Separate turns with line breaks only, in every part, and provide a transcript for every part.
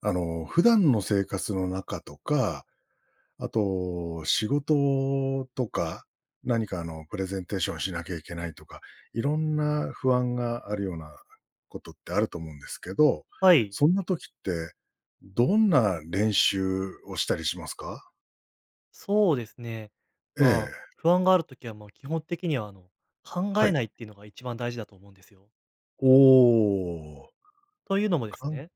あの、普段の生活の中とか、あと仕事とか、何か、あの、プレゼンテーションしなきゃいけないとか、色んな不安があるようなことってあると思うんですけど、
はい。
そんな時って、どんな練習をしたりしますか？
そうですね、
え
まあ、
え。
不安がある時は、まあ、基本的には、あの、考
は
え
い。
ないっていうのが一番大事だと思うんですよ。
おお。
というのもです
かん
ね、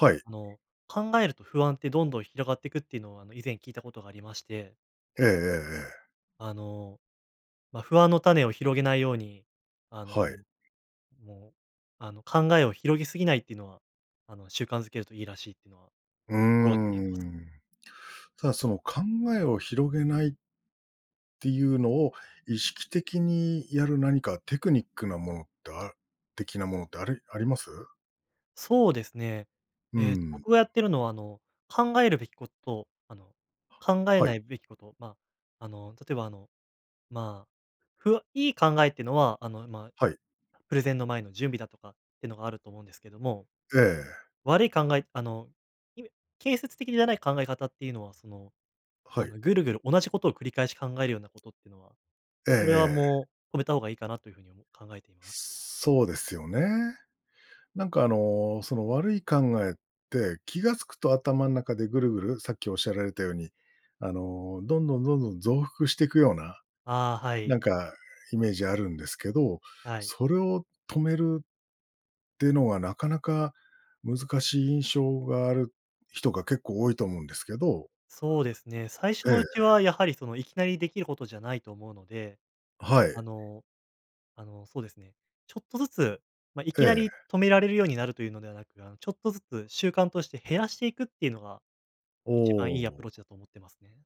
はい。
あの、考えると、不安ってどんどん広がってくっていうのを、あの、以前聞いたことがありまして
ええええええ。
あの、ま、不安の種を広げないように、あ
はい。
の、もう、あの、考えを広げすぎないっていうのは、あの、習慣づけるといいらしいっていうのは、
うー
心がけています。
ん。ただ、その、考えを広げないていうのを、意識的にやる何かテクニックなものってあ的なものってありあります？
そうですね。
う
ええ、
ん。
僕がやってるのは、あの、考えるべきこと、あの、考え
はい。
ないべきこと、まあ、あの、例えば、あの、まあ、ふわいい考えってのは、あの、まあ、
はい。
プレゼンの前の準備だとかってのがあると思うんですけども、
ええ。
悪い考えあの、いめ建設的じゃない考え方っていうのは、その、
は
あ
い。
の、ぐるぐる同じことを繰り返し考えるようなことってのは、
ええ
これは、
ええ。
もう止めた方がいいかなというふうに、おも考えています。
そうですよね。なんか、あの、その悪い考えって、気が付くと頭ん中でぐるぐるさっき仰られたように、あの、どんどんどんどん増幅してくような、
ああ、は
なん
い。
かイメージあるんですけど、
はい。
それを止めるってのは、なかなか難しい印象がある人が、結構多いと思うんですけど
そうですね。最初
え
のうち
え。
は、やはり、その、いきなり出来ることじゃないと思うので、
はい。
あのあの、そうですね、ちょっとずつ、ま、い
え
きなり
え。
止められるようになるというのではなく、あの、ちょっとずつ、習慣として減らしていくっていうのが
お
一番いいアプ
お。
ローチだと思ってますね。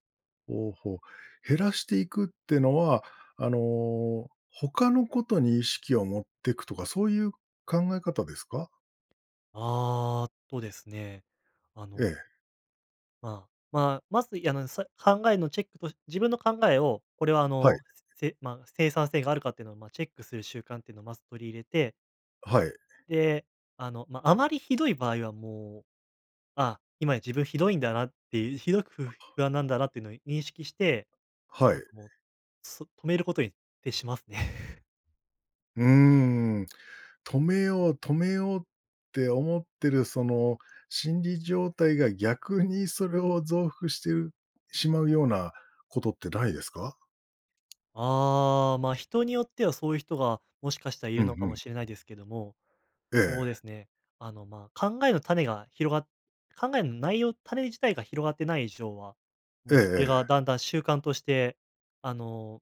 ほうほう。減らしていくってのは、あの、他のことに意識を持ってくとか、そういう考え方ですか？
ああ、とですね、あ
え
の
え。
まあまあ、まず、いあの、さ考えのチェックと自分の考えを、これは、あ
はい。
の、せま、生産性があるかってのを、まあ、チェックする習慣っていうのをまず取り入れて
あ、はい。
で、あの、ま、あまりひどい場合は、もう、あ、今自分ひどいんだなっていひどくふ不安なんだなってのい認識して、
は
ああ、
い。
そ、もそ止めることに、徹しますね。
うーん。止めよう、止めようって思ってるその心理状態が、逆にそれを増幅してるしまうようなことってないですか？
ああ、ま、人によっては、そういう人がもしかしたら居
うん
るのか
う
も
ん。
しれないですけども、
え
そう
え。
ですね、あの、まあ、考えの種が広が考えの内容、種自体が広がってない以上は、
ええ
もう、それが
ええ。
だんだん習慣として、あの、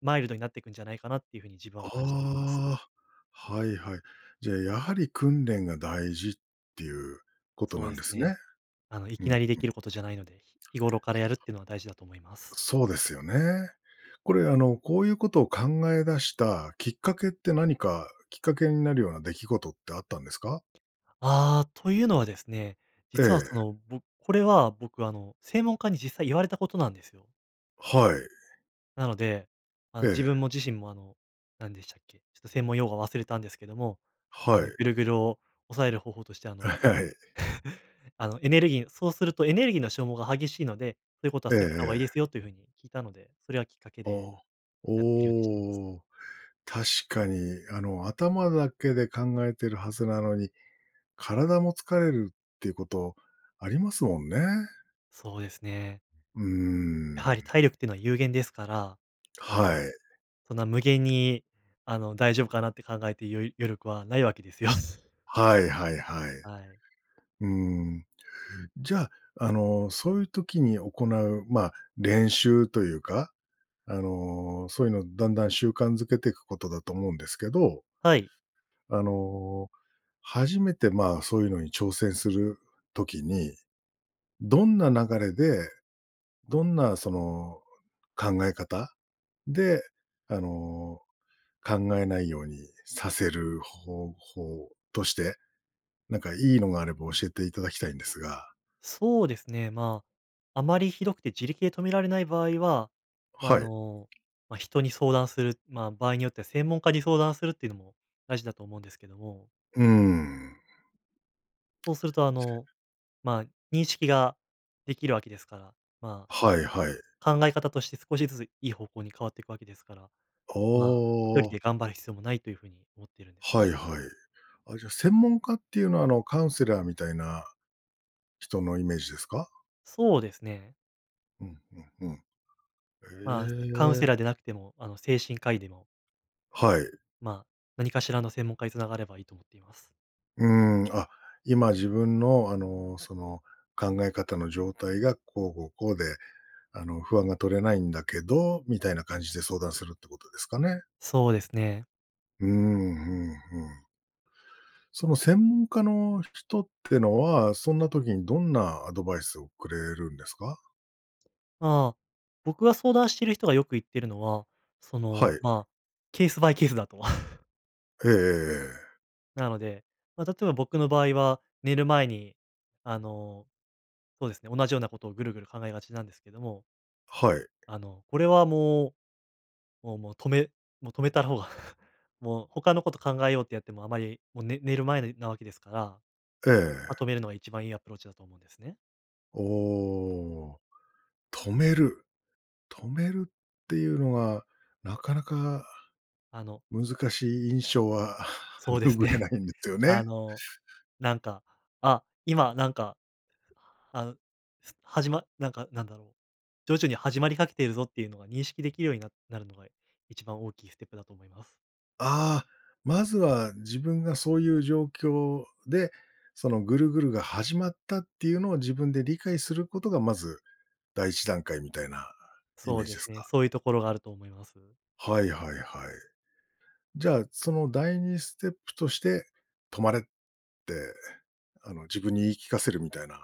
マイルドになってくんじゃないかなっていう風に自分は感じています。
ああ。はいはい。じゃあ、やはり訓練が大事っていうこと
そう
な
で
んで
す
すね。
ね。あの、い
う
き
んうん。
なり出来ることじゃないので、日頃からやるっ
[unintelligible]
てのは、大事だと思いま
う
す。
そうですよね。これ、あの、こういうことを考え出したきっかけって、何かきっかけになるような出来事ってあったんですか？
ああ、というのはですね、
え
実は、そ
え。
の、ぼこれは、僕、あの、専門家に実際言われたことなんですよ。
はい。
なので、あ
え
の自
え。
分も自身もあの、何でしたっけ、ちょっと専門用語を忘れたんですけども、あ
は
の
い。
ぐるぐるを抑える方法として、あ
あ、
の、
はい。
あの、エネルギーそうするとエネルギーの消耗が激しいので、そういうことは
ええ
避けた方がいいです
ええ。
よという風に聞いたので、それはきっかけ
ああ、
でやっているようにしています。
おお、確かに、あの、頭だけで考えてるはずなのに、体も疲れるっていうことありますもんね。
そうですね。
うー
やはり
ん。
体力っていうのは有限ですから、あ
は
の、
い。
そんな無限に、あの、大丈夫かなって考えて、よ余力は無いわけですよ。
はいはいはい。
はい。
うん、じゃあ、あの、そういう時に行う、まあ、練習というか、あの、そういうのをだんだん習慣づけていくことだと思うんですけど
はい。
あの、初めてまあ、そういうのに挑戦する時に、どんな流れで、どんなその考え方で、あの、考えないようにさせる方法として、なんかいいのがあれば教えていただきたいんですが。
そうですね、まあ、あまり酷くて自力で止められない場合は、ま、
は
あ
い。
の、ま、人に相談する、まあ、場合によっては専門家に相談するっていうのも大事だと思うんですけども。
うーん。
そうするとあ
[unintelligible]
の、まあ、認識が出来るわけですから、ま
はいはい。
あ、考え方として少しずついい方向に変わっていくわけですから、
あ
まあ、1人
あ。
で頑張る必要もないという風に思っているんです
は
ね。
いはい。あ、じゃあ、専門家っていうのは、あの、カウンセラーみたいな人のイメージですか？
そうですね。
うんうん、ふん。
まあ、カウン
へ
セ
え。
ラーでなくても、あの、精神科医でも
はい。
まあ、何かしらの専門家に繋がればいいと思っています。
うーん。「あ、今自分の、あの、その、考え方の状態がこうこうこうで、あの、不安が取れないんだけど」みたいな感じで相談するってことですかね。
そうですね。
うーん、ふんふん。その専門家の人ってのは、そんな時にどんなアドバイスをくれるんですか？
まあ、僕が相談してる人がよく言ってるのは、そ
は
の、
い。
まあ、ケースバイケースだとは。
ええええええ。
なので、ま、例えば僕の場合は、寝る前に、あの、そうですね、同じようなことをぐるぐる考えがちなんですけども
はい。
あの、これはもうもうもう止めもう止めた方が、もう他のこと考えようってやってもあまりもう、ね寝る前になわけですから。
え
ま、止
え。
めるのが一番いいアプローチだと思うんですね。
おお。止める。止めるっていうのは、なかなか
あの
難しい印象は
そう です
拭え
ね。
ないんですよ
あ
ね。
の、なんか、あ、今なんか、あ、す始まなんか、なんだろう、徐々に始まりかけているぞっていうのが認識出来るように、ななるのが一番大きいステップだと思います。
ああ、まずは自分がそういう状況で、そのぐるぐるが始まったっていうのを自分で理解することが、まず第一段階みたいなイ
そ
メ
う
ージ
で
で
す
す
ね。
か？
そういうところがあると思います。
はいはいはい。じゃあ、その第二ステップとして、止まれって、あの、自分に言い聞かせるみたいな、い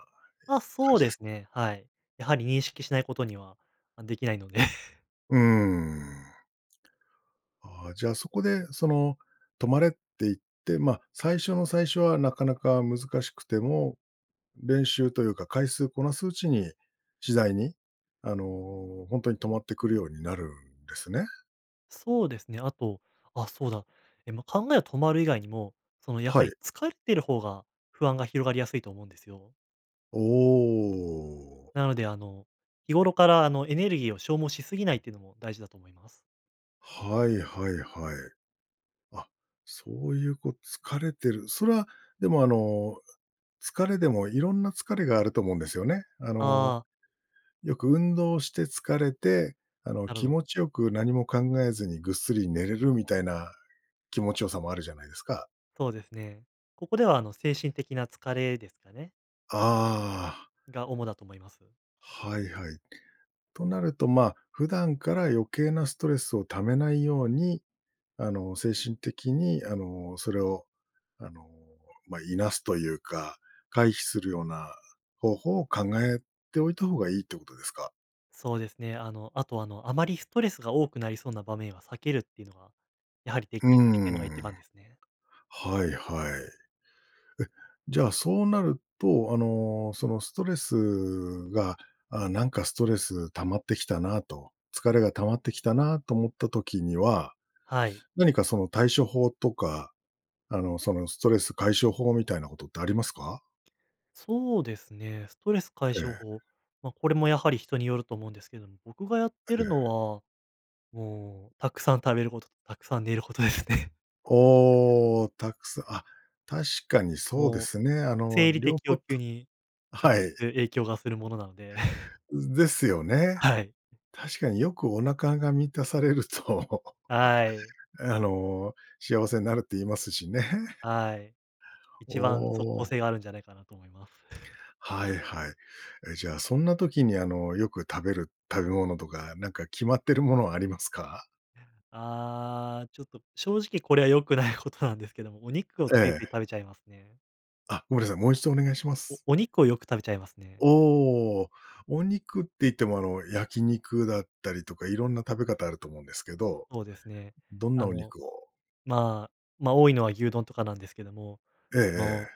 あ、
感
そう
じで
で
す
す
か？
ね、はい。やはり認識しないことには、ま、出来ないので。
うーん。ああ、じゃあ、そこで、その、止まれって言って、ま、最初の最初はなかなか難しくても、練習というか回数こなすうちに次第に、あの、ほんとに止まってくるようになるんですね。
そうですね、あとあ、そうだ、え、ま、考え止まる以外にも、その、やは
は
り
い。
疲れてる方が不安が広がりやすいと思うんですよ。
おお。
なので、あの、日頃から、あの、エネルギーを消耗しすぎないっていうのも大事だと思います。
はいはいはい。あ、そういう、こ、疲れてるそれは、でも、あの、疲れでもいろんな疲れがあると思うんですよね。あの、
ああ。
よく運動して疲れて、あの、
なるほ
気
ど。
持ちよく何も考えずにぐっすり寝れるみたいな気持ち良さもあるじゃないですか。
そうですね。ここでは、あの、精神的な疲れですかね。
ああ。
が、主だと思います。
はいはい。となると、ま、普段から余計なストレスを溜めないように、あの、精神的に、あの、それを、あの、ま、いなすというか、回避するような方法を考えておいた方がいいってことですか？
そうですね。あの、あと、あの、あまりストレスが多くなりそうな場面は避けるっていうのは、やはり、出
うー
来出来るのが一
ん。
番ですね。
はいはい。え、じゃあ、そうなると、あの、そのストレスが、ああ、なんか、ストレス溜まってきたなと、疲れが溜まってきたなと思った時には、
はい。
何か、その、対処法とか、あの、その、ストレス解消法みたいなことってありますか？
そうですね。ストレス解
え
消
え。
法。ま、これもやはり人によると思うんですけども、僕がやって
え
るの
え。
は、もう、たくさん食べること、たくさん寝ることですね。
おお、たくすあ、確かにそうで
もう、
すね。あの、
生理
両
的
方
欲求に
あ、
直
は
接
い。
影響がするものなので。
うん、ですよね。
はい。
確かによくお腹が満たされると、
はい。
あの、幸せになるって言いますしね。
はい。
お
一番即効
お。
性があるんじゃないかなと思います。
はいはい。え、じゃあ、そんな時に、あの、よく食べる食べ物とか、なんか決まってるものはありますか？
ああ、ちょっと、正直これは良くないことなんですけども、お肉をつい
え
つい
え。
食べちゃいますね。
あ、ごめんなさい、もう一度お願いしま
お
す。
お肉をよく食べちゃいますね。
おお。お肉って言っても、あの、焼き肉だったりとか、色んな食べ方あると思うんですけど、
そうですね。
どん
あ
なお
の、
肉を。
まあ、ま、多いのは牛丼とかなんですけども、
ええ
その、
ええ。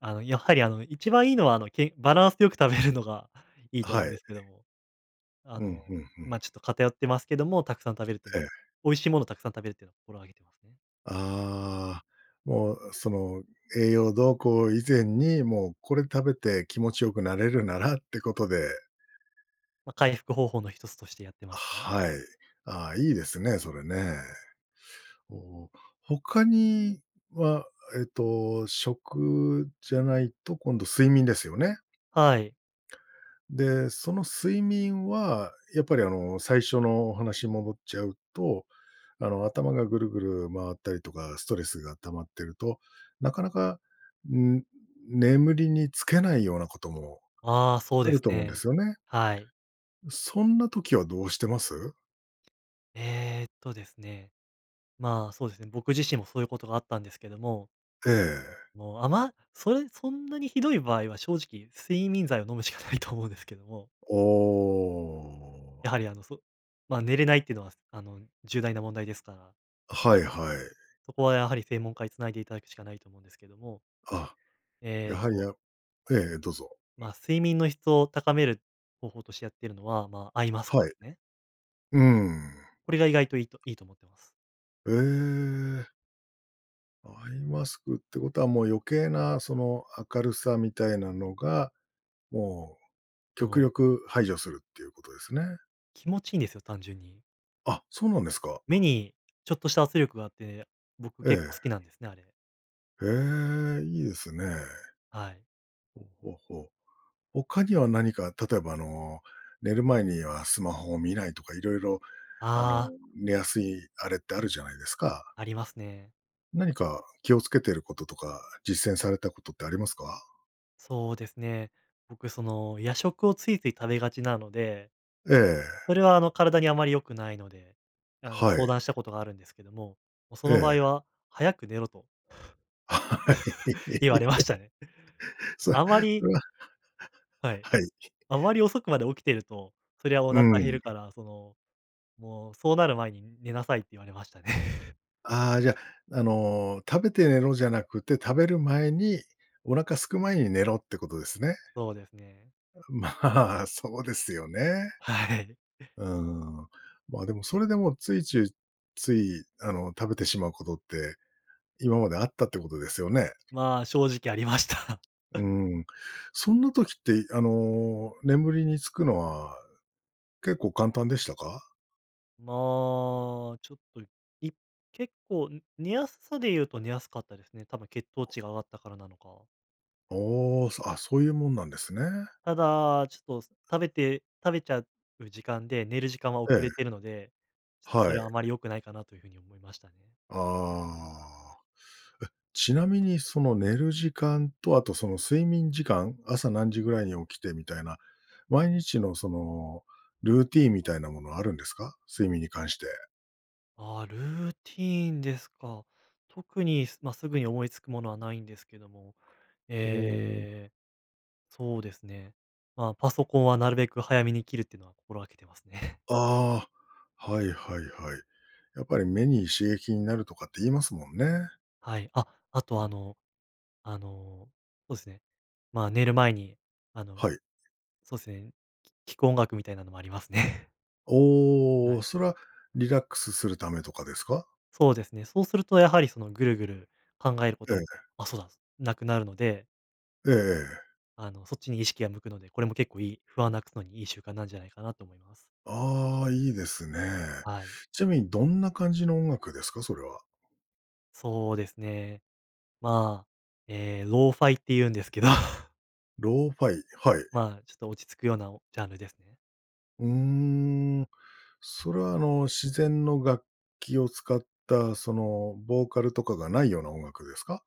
あの、やっぱり、あの、一番いいのは、あの、けバランスよく食べるのがいい
あ、
と思
は
うんで
い。
すけども。あ
うん、
の、
ふんふん。
ま、ちょっと偏ってますけども、たくさん食べるって
ええ。
ね、美味しいものをたくさん食べるってのを心がけてますね。
ああ。もう、あ、その、栄養どうこう以前に、もう、これ食べて気持ち良くなれるならってことで。
ま、回復方法の1つとしてやってますね。
はい。あ、いいですね、それね。お、他には、えっと、食じゃないと、今度睡眠ですよね。
はい。
ん、で、その、睡眠は、やっぱり、あの、最初のお話戻っちゃうと、あの、頭がぐるぐる回ったりとかストレスが溜まってると、なかなか、ん、眠りにつけないようなことも
ああ、そう
あ
で
る
す
と思うんで
ね。
すよね。
はい。
うそんな時はどうしてます？
ええっとですね、まあ、そうですね、僕自身もそうゆうことがあったんですけども
ええ。
もう、あまそえそんなにひどい場合は、正直、睡眠剤を飲むしかないと思うんですけども。
おお。
やはり、あの、そまあ、寝れないってのは、あの、重大な問題ですから。
あ、はいはい。
そこはやはり専門家につないでいただくしかないと思うんですけども
あ、
ええ
や
っ
はり、
と
あええええ、どうぞ
ま、睡眠の質を高める方法としてやってるのは、まあ、アイマスク
は
で
い。
すね。
うーん
これが意外といいといいと思ってます。
ええ。アイマスクってことは、もう余計な、その、明るさみたいなのが、もう
そ
極
の
力排除するっていうことですね。
気持ちいんですよ、単純に。
あ、そうなんですか。
目にちょっとした圧力があって、僕、
え
結構好
え。
きなんですね、あれ。
へえ、いいですね。
はい。
ほほほ。他には何か、例えば、あの、寝る前にはスマホを見ないとか、色々、あの、
ああ。
寝やすいあれってあるじゃないですか。
ありますね。
何か気をつけてることとか、実践されたことってありますか？
そうですね。僕、その、夜食をついつい食べがちなので、
え
それ
え。
は、あの、体にあまり良くないので、あの、
は
相
い。
談したことがあるんですけども、もうそ
え
の場
え。
合は、早く寝ろと。
はい。
言われましたね。
そう、
あま
そ
り
れは
はい。
はい。
あまり遅くまで起きてると、そりゃ、お
う
腹減
ー
る
ん。
から、その、もう、そうなる前に寝なさいって言われましたね。
ああ、じゃ、あの、食べて寝ろじゃなくて、食べる前に、お腹空く前に寝ろってことですね。
そうですね。
うん、まあ、そうですよね。
はい。
うーん。まあ、でも、それでもついちゅいつい、あの、食べてしまうことって、今まであったってことですよね？
まあ、正直ありました。
うー ん、そんな時って、いあの、眠りにつくのは結構簡単でしたか？
まあ、ちょっといい結構寝やすさで言うと寝やすかったですね。多分血糖値が上がったからなのか。
おお、そあ、そういうもんなんですね。
ただ、ちょっとす食べて食べちゃう時間で、寝る時間は
え
遅
え。
れてるので、ちっとそ
はい。
れはあまり良くないかなという風に思いましたね。
ああ。え、ちなみにその寝る時間と、あとその睡眠時間朝何時ぐらいに起きてみたいな、毎日のその、ルーティンみたいなものはあるんですか？睡眠に関して。
あ、ルーティーンですか。特にすま、すぐに思いつくものは無いんですけども、
ほお。
ええ、そうですね。ま、パソコンはなるべく早めに切るっていうのは心がけてますね。
ああ、はいはいはい。やっぱり目に刺激になるとかって言いますもんね。
はい。あ、あ
う
とあ
ん。
のあの、そうすね。ま、寝る前に、あの、
はい。
そうすね、き聴く音楽みたいなのもありますね。は
おお、
い。
それはリラックスするためとかですか？
そうですね。そうするとやはりそのぐるぐる考えるこ
え
とも
え。
あ、そうなんす、無くなるので。
えええ。
あの、そっちに意識が向くので、これも結構いい、不安なくすのにいい習慣なんじゃないかなと思います。
ああ、いいですね。
はい。
ちなみにどんな感じの音楽ですか？それは。
そうですね。まあ、ええ、Lo-Fi っていうんですけど。
Lo-Fi、はい。
まあ、ちょっと落ち着くようなおジャンルですね。
うーん、それは、あの、自然の楽器を使った、その、ボーカルとかがないような音楽ですか？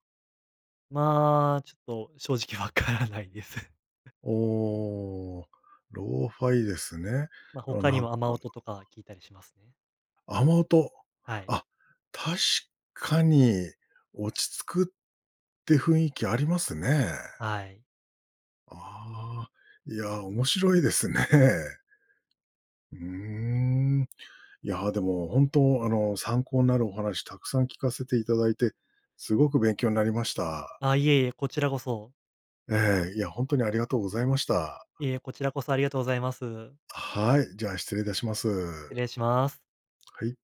まあ、ちょっと正直わからないです。
おお、Lo-Fi ですね。
ま、ほ
あ、
かに
なんか
は雨音とか
[unintelligible]
聞いたりしますね。
雨音、
はい。
あ、確かに落ち着くって雰囲気ありますね。
はい。
ああ、いや、面白いですね。うーん。いや、でも本当、あの、参考になるお話たくさん聞かせていただいて、すごく勉強なりました。
あ、いえいえ、こちらこそ。
ええ、いや、ほんとに、ありがとうございました。
いえ、こちらこそ、ありがとうございます。
あ、はい、じゃあ、失礼いたしま
失
す。
礼します。
はい。